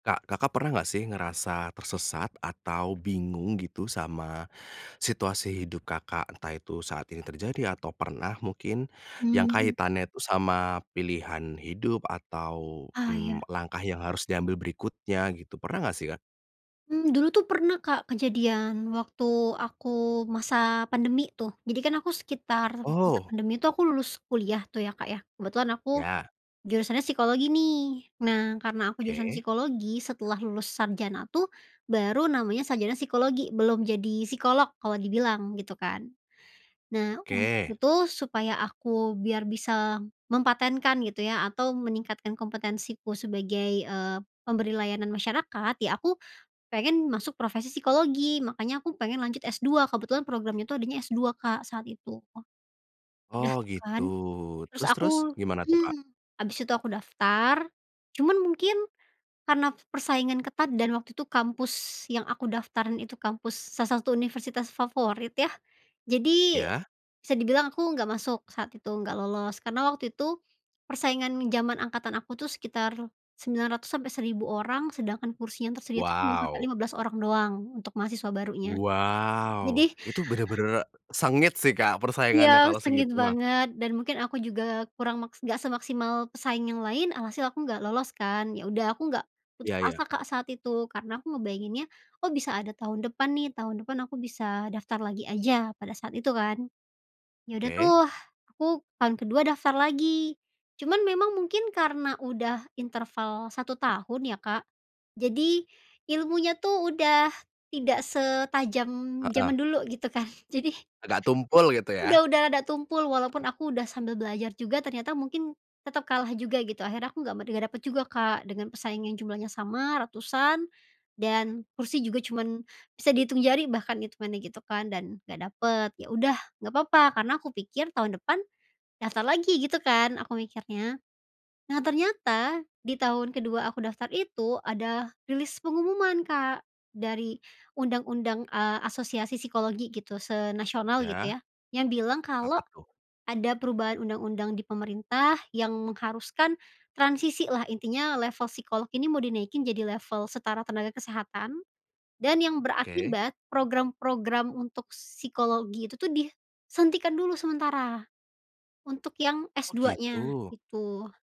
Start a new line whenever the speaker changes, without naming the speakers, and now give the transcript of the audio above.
Kak, Kakak pernah nggak sih ngerasa tersesat atau bingung gitu, sama situasi hidup Kakak? Entah itu saat ini terjadi atau pernah mungkin yang
Mhm.
kaitannya tuh sama pilihan hidup atau,
Ah,
mmm,
iya.
langkah yang harus diambil berikutnya gitu, pernah nggak sih Kak?
Mmm, dulu tuh pernah Kak, kejadian waktu aku masa pandemi tuh. Jadi kan aku sekitar masa
Oh.
pandemi itu aku lulus kuliah tuh ya Kak ya, kebetulan aku
Iya.
jurusannya psikologi nih. Nah karena aku jurusan
Oke.
psikologi, setelah lulus sarjana tuh, baru namanya sarjana psikologi, belum jadi psikolog kalau dibilang, gitu kan. Nah, untuk
Oke.
itu supaya aku biar bisa mempatenkan gitu ya, atau meningkatkan kompetensiku sebagai, eee, pemberi layanan masyarakat, ya aku pengen masuk profesi psikologi, makannya aku pengen lanjut S-2, kebetulan program itu adanya S-2, Kak, saat itu. Udah
Oh,
tuh
gitu.
kan. Terus
Terus terus,
aku
gimana tuh Kak?
mmm, habis itu aku daftar. Cuman mungkin, karena persaingan ketat dan waktu itu kampus yang aku daftarin itu kampus salah satu universitas favorit ya. Jadi,
Iya.
bisa dibilang aku nggak masuk saat itu, nggak lolos. Karena waktu itu, persaingan zaman angkatan aku tuh sekitar 900 sampai 1000 orang, sedangkan kursi yang tersedia tuh cuma sampai
Wow.
15 orang doang untuk mahasiswa barunya.
Wow.
Jadi
Itu benar benar sengit sih Kak,
Iya,
persaingannya kalau
sengit
segitu mah.
banget, dan mungkin aku juga kurang mak nggak semaksimal pesaing yang lain, alhasil aku nggak lolos kan, ya udah aku nggak putus
Iya iya.
asa, Kak, saat itu. Karena aku ngebayanginnya, "Oh, bisa ada tahun depan nih, tahun depan aku bisa daftar lagi aja," pada saat itu kan. Ya udah tuh
Oke.
aku tahun ke-2 daftar lagi. Cuman memang mungkin karena udah interval 1 tahun ya Kak, jadi ilmunya tuh udah tidak setajam
Heeh.
zaman dulu gitu kan. Jadi
Agak tumpul gitu ya.
udah udah udah tumpul walaupun aku udah sambil belajar juga ternyata mungkin tetap kalah juga gitu, akhirnya aku nggak met dapet juga Kak, dengan pesaing yang jumlahnya sama, ratusan, dan kursi juga cuman bisa dihitung jari bahkan itungannya gitu kan, dan nggak dapet. Ya udah, nggak apa-apa, karena aku pikir tahun depan daftar lagi gitu kan aku mikirnya. Nah ternyata, di tahun ke-2 aku daftar itu ada rilis pengumuman Kak, dari undang-undang, eee, asosiasi psikologi gitu, se-Nasional
Iya.
gitu ya. Yang bilang kalau
Apa tuh?
ada perubahan undang-undang di pemerintah yang mengharuskan transisilah, intinya level psikologi ini mau dinaikin jadi level setara tenaga kesehatan. Dan yang
Oke.
berakibat, program-program untuk psikologi itu tuh disuntikan dulu sementara, untuk yang S
Oh,
duanya,
gitu.
itu.